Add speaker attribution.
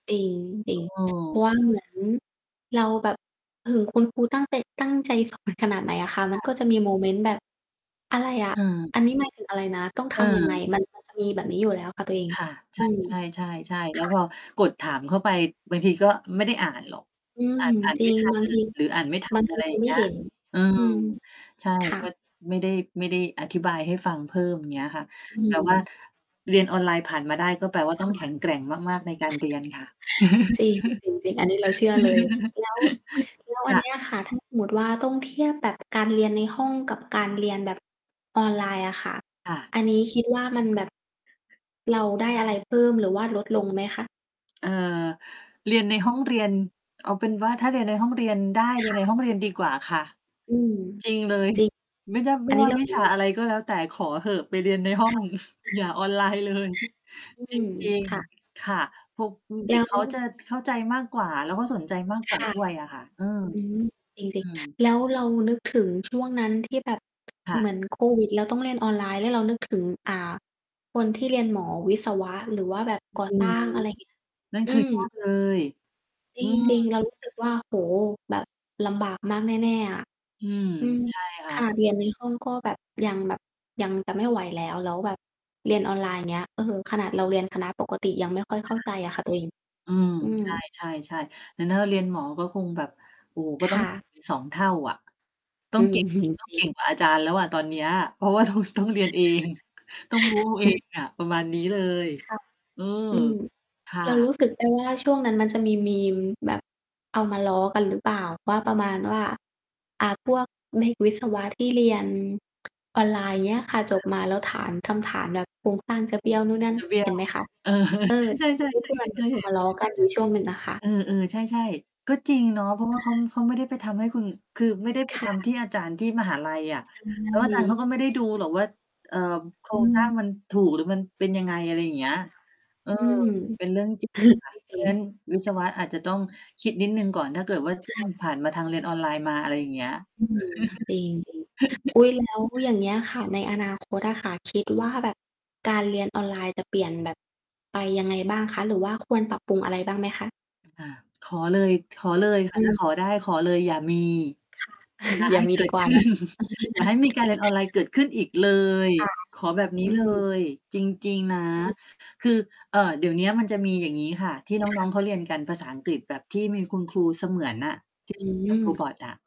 Speaker 1: จริง
Speaker 2: อื
Speaker 1: ๆ เพรา
Speaker 2: ม
Speaker 1: ะว่า เหมือนเราแบบ ถึงคุณครูตั้งใต ตั้งใจสอนขนาดไหนอะค่ะ มั
Speaker 2: ค
Speaker 1: น
Speaker 2: ่ะ
Speaker 1: ก็จะมีโมเมนต์แบบ อะไรอะ
Speaker 2: เออ
Speaker 1: อันนี้ หมายถึง อะไรนะ ต้องท
Speaker 2: เ
Speaker 1: ำยังไง
Speaker 2: ออ
Speaker 1: มัน ก็จะ มีแบบนี้อยู่แล้วค่ะตัวเอง
Speaker 2: ค่ะ ใ
Speaker 1: อืม
Speaker 2: ช่ ใช่ ๆ ๆ แ
Speaker 1: ค
Speaker 2: ล้ว
Speaker 1: ่
Speaker 2: พ
Speaker 1: ะ
Speaker 2: อกดถามเข้าไปบางทีก็ไม่ได้อ่านหรอก
Speaker 1: อืม
Speaker 2: อ่าน อ่าน
Speaker 1: จร
Speaker 2: ไ
Speaker 1: ิ
Speaker 2: ม่
Speaker 1: ง
Speaker 2: ทั
Speaker 1: บ
Speaker 2: น
Speaker 1: างที
Speaker 2: หรืออ่านไม่ท
Speaker 1: บ
Speaker 2: ั
Speaker 1: า
Speaker 2: น
Speaker 1: งท
Speaker 2: อ
Speaker 1: ี
Speaker 2: ะไร
Speaker 1: คร
Speaker 2: อ
Speaker 1: ู
Speaker 2: ย่าง
Speaker 1: ไ
Speaker 2: เ
Speaker 1: ม่
Speaker 2: งี้ย
Speaker 1: เห็น
Speaker 2: อื
Speaker 1: อ
Speaker 2: ม
Speaker 1: ืม
Speaker 2: ใช่
Speaker 1: ค่
Speaker 2: ก็
Speaker 1: ะ
Speaker 2: ไม่ได้ ไม่ได้อธิบายให้ฟังเพิ่ม อย่างเงี้ยค่ะ
Speaker 1: อื
Speaker 2: แต่ว่า
Speaker 1: ม
Speaker 2: เรียนออนไลน์ผ่านมาได้ ก็แปลว่า
Speaker 1: ค
Speaker 2: ต
Speaker 1: ่
Speaker 2: ้อ
Speaker 1: ะ
Speaker 2: งแข็งแกร่งมาก ๆ ในการเรียนค่ะ
Speaker 1: จริง จริง ๆ อันนี้เราเชื่อเลย แล้ว แล้ว
Speaker 2: จ
Speaker 1: อัน
Speaker 2: ๊
Speaker 1: นี้
Speaker 2: ะ
Speaker 1: อะค่ะ ถ้าสมมติว่าต้องเทียบแบบการเรียนในห้องกับการเรียนแบบออนไลน์อะค่ะ
Speaker 2: ค่ะ
Speaker 1: อันนี้คิดว่ามันแบบ เราได้อะไรเพิ่มหรือว่าลดลงไหมคะ?
Speaker 2: เออ เรียนในห้องเรียน เอาเป็นว่า ถ้าเรียนในห้องเรียนได้ เ
Speaker 1: ค
Speaker 2: รีย
Speaker 1: ่
Speaker 2: นใน
Speaker 1: ะ
Speaker 2: ห้องเรียนดีกว่าค่ะ
Speaker 1: อืม
Speaker 2: จริง เลย
Speaker 1: จริง
Speaker 2: ไม่ ด ไม
Speaker 1: อั
Speaker 2: ่
Speaker 1: นนี
Speaker 2: ว
Speaker 1: ้
Speaker 2: ่า
Speaker 1: เรา
Speaker 2: วิ
Speaker 1: เห็
Speaker 2: ช
Speaker 1: น
Speaker 2: า
Speaker 1: ด้ว
Speaker 2: อะไ
Speaker 1: ย
Speaker 2: รก็แล้วแต่ ขอเถอะไปเรียนใน ห้อ
Speaker 1: ค
Speaker 2: ง
Speaker 1: ่ะ
Speaker 2: อย่าออนไลน์เลย
Speaker 1: อื
Speaker 2: จ
Speaker 1: ม
Speaker 2: ริง
Speaker 1: ค่ะ
Speaker 2: ๆ ค่ะ พวก อือ เ
Speaker 1: แ
Speaker 2: ด
Speaker 1: ล
Speaker 2: ็
Speaker 1: ้
Speaker 2: ก
Speaker 1: ว
Speaker 2: เขาจะเข้าใจมากกว่า แล้วก็สนใจมากกว
Speaker 1: ค
Speaker 2: ่า
Speaker 1: ่ะ
Speaker 2: ด้วยอะค่ะ เออ
Speaker 1: อืม จริ
Speaker 2: อื
Speaker 1: ง ๆ ค่ะ
Speaker 2: ม
Speaker 1: แล้วเรานึกถึงช่วงนั้นที่แบบ
Speaker 2: ค่
Speaker 1: เ
Speaker 2: ะ
Speaker 1: หมือนโควิด แล้วต้องเรียนออนไลน์ แล้วเรานึกถึง อ่า คนที่เรียนหมอวิศวะหรือว่าแบบ
Speaker 2: อ
Speaker 1: ก่อ
Speaker 2: ื
Speaker 1: สร
Speaker 2: ม
Speaker 1: ้าง อะไร อย่างเงี้ย
Speaker 2: นั่น
Speaker 1: อื
Speaker 2: คือ
Speaker 1: ม
Speaker 2: ยาก เลย
Speaker 1: จ
Speaker 2: อืม
Speaker 1: ริง ๆ เรารู้สึกว่า โอ้โฮ แบบลำบากมากแน่ ๆ อะ
Speaker 2: อืม
Speaker 1: อือ
Speaker 2: ใช่ค่
Speaker 1: ข
Speaker 2: ะ
Speaker 1: นาดเรียนในห้องก็แบบ ยังแบบ ยังจะไม่ไหวแล้ว แล้วแบบเรียนออนไลน์ อย่างเงี้ย เออ ขนาดเราเรียนคณะปกติยังไม่ค่อยเ
Speaker 2: ค
Speaker 1: ข้า
Speaker 2: ่ะ
Speaker 1: ใจอะค่ะตัวเอง
Speaker 2: อืม
Speaker 1: อืม
Speaker 2: ใช่ ๆ ๆ แต่ถ้าเราเรียนหมอก็คงแบบ โอ้ ก็
Speaker 1: ค
Speaker 2: ต้อ
Speaker 1: ่
Speaker 2: งเก่
Speaker 1: ะ
Speaker 2: งเป็น 2 เท่าอะ ต้
Speaker 1: อ
Speaker 2: อ
Speaker 1: ื
Speaker 2: ง เ
Speaker 1: ม
Speaker 2: ก่ง
Speaker 1: จ
Speaker 2: ต้อง
Speaker 1: ริ
Speaker 2: เก่ง
Speaker 1: ง
Speaker 2: กว่าอาจารย์แล้วอะตอนเนี้ย เพราะว่าต้อง ต้องเรียนเอง ต้องรู้ เองอะ ประมาณนี้เลย
Speaker 1: ค่ะ
Speaker 2: เออ
Speaker 1: อืม
Speaker 2: ค่
Speaker 1: เราร
Speaker 2: ะ
Speaker 1: ู้สึกได้ว่า ช่วงนั้นมันจะมีมีม แบบเอามาล้อกันหรือเปล่า ว่าประมาณว่า อ่า พวกเด็กวิศวะที่เรียน
Speaker 2: อ
Speaker 1: อ
Speaker 2: ื
Speaker 1: อ
Speaker 2: อ
Speaker 1: นไลน์เงี้ยค่ะ จ
Speaker 2: ค
Speaker 1: บ
Speaker 2: ่ะ
Speaker 1: มาแล้วฐาน ทำฐานแบบโครงสร้างจะเบี้ยวนู่นนั่น
Speaker 2: จะเบี้ย
Speaker 1: เห็
Speaker 2: ว
Speaker 1: นไหมคะ
Speaker 2: เออ
Speaker 1: เออ
Speaker 2: ใช
Speaker 1: โดย
Speaker 2: ่
Speaker 1: ท
Speaker 2: ๆ
Speaker 1: ี
Speaker 2: ๆ
Speaker 1: ่
Speaker 2: เค
Speaker 1: เพ
Speaker 2: ย
Speaker 1: ื่อ
Speaker 2: เ
Speaker 1: นเหมือนเอ
Speaker 2: ห
Speaker 1: า
Speaker 2: ็
Speaker 1: ม
Speaker 2: น ๆ
Speaker 1: าล้อ กันอยู่ช่วงหนึ่งอะค่ะ
Speaker 2: เออ ๆ ใช่ ๆ ก็จริงเนาะ เพราะว่าเขา เขาไม่ได้ไปทำให้คุณ คือไม่ได้ไ
Speaker 1: ค
Speaker 2: ปท
Speaker 1: ่
Speaker 2: ำที
Speaker 1: ะ
Speaker 2: ่อาจารย์ที่มหาลัยอะ
Speaker 1: ใช
Speaker 2: แล้วอาจารย์เข
Speaker 1: ่
Speaker 2: าก็ไม่ได้ดูหรอกว่า เอ่อ โคร
Speaker 1: อื
Speaker 2: งสร้าง
Speaker 1: ม
Speaker 2: มันถูกหรือมันเป็นยังไง อะไรอย่างเงี้
Speaker 1: ค
Speaker 2: ย
Speaker 1: ่ะ
Speaker 2: เออ
Speaker 1: อืม
Speaker 2: เป็นเรื่อง จริง ค่ะ
Speaker 1: จ
Speaker 2: เพร
Speaker 1: ร
Speaker 2: า
Speaker 1: ิ
Speaker 2: ะ
Speaker 1: ง
Speaker 2: งั้น
Speaker 1: ๆ
Speaker 2: วิศ
Speaker 1: ค่
Speaker 2: ว
Speaker 1: ะ
Speaker 2: ะอาจจะต้องคิดนิดหนึ่งก่อน ถ้าเกิดว่า ช
Speaker 1: ค
Speaker 2: ่วง
Speaker 1: ่ะ
Speaker 2: ผ่านมาทางเรียนออนไลน์มา อะไรอย่างเงี้ย
Speaker 1: อืม จริง ๆ อุ๊ย แล้วอย่างเงี้ย ค่ะ ในอนาคตอะค่ะ คิดว่าแบบการเรียนออนไลน์จะเปลี่ยนแบบไปยังไงบ้างคะ หรือว่าควรปรับปรุงอะไรบ้างไหมคะ?
Speaker 2: อา ขอเลย ขอเลยค่
Speaker 1: อ
Speaker 2: ะ
Speaker 1: ื
Speaker 2: ถ้า
Speaker 1: ม
Speaker 2: ขอได้ ขอเลยอย่ามี
Speaker 1: ค่ะ
Speaker 2: อย่า
Speaker 1: อย
Speaker 2: ใ
Speaker 1: ่
Speaker 2: ห
Speaker 1: า
Speaker 2: ้
Speaker 1: มี
Speaker 2: เก
Speaker 1: ด
Speaker 2: ิ
Speaker 1: ี
Speaker 2: ด
Speaker 1: กว่
Speaker 2: ข
Speaker 1: า
Speaker 2: ึ้
Speaker 1: เนา
Speaker 2: น
Speaker 1: ะ
Speaker 2: อย่าให้มีการเรียนออนไลน์เกิดขึ้นอีกเลย
Speaker 1: ค่ะ
Speaker 2: ขอแบบนี้
Speaker 1: อื
Speaker 2: เล
Speaker 1: ม
Speaker 2: ยจริง ๆ นะ
Speaker 1: อืม
Speaker 2: คือ เอ่อ เดี๋ยวนี้มันจะมีอย่างงี้ค่ะ ที่น
Speaker 1: ค
Speaker 2: ้
Speaker 1: ่
Speaker 2: อง
Speaker 1: ะ
Speaker 2: ๆ เขาเรียนกันภาษาอังกฤษแบบที่มีคุณครูเสมือนน่ะ ที่
Speaker 1: อื
Speaker 2: ฝึก กับโร
Speaker 1: ม
Speaker 2: บอตอะ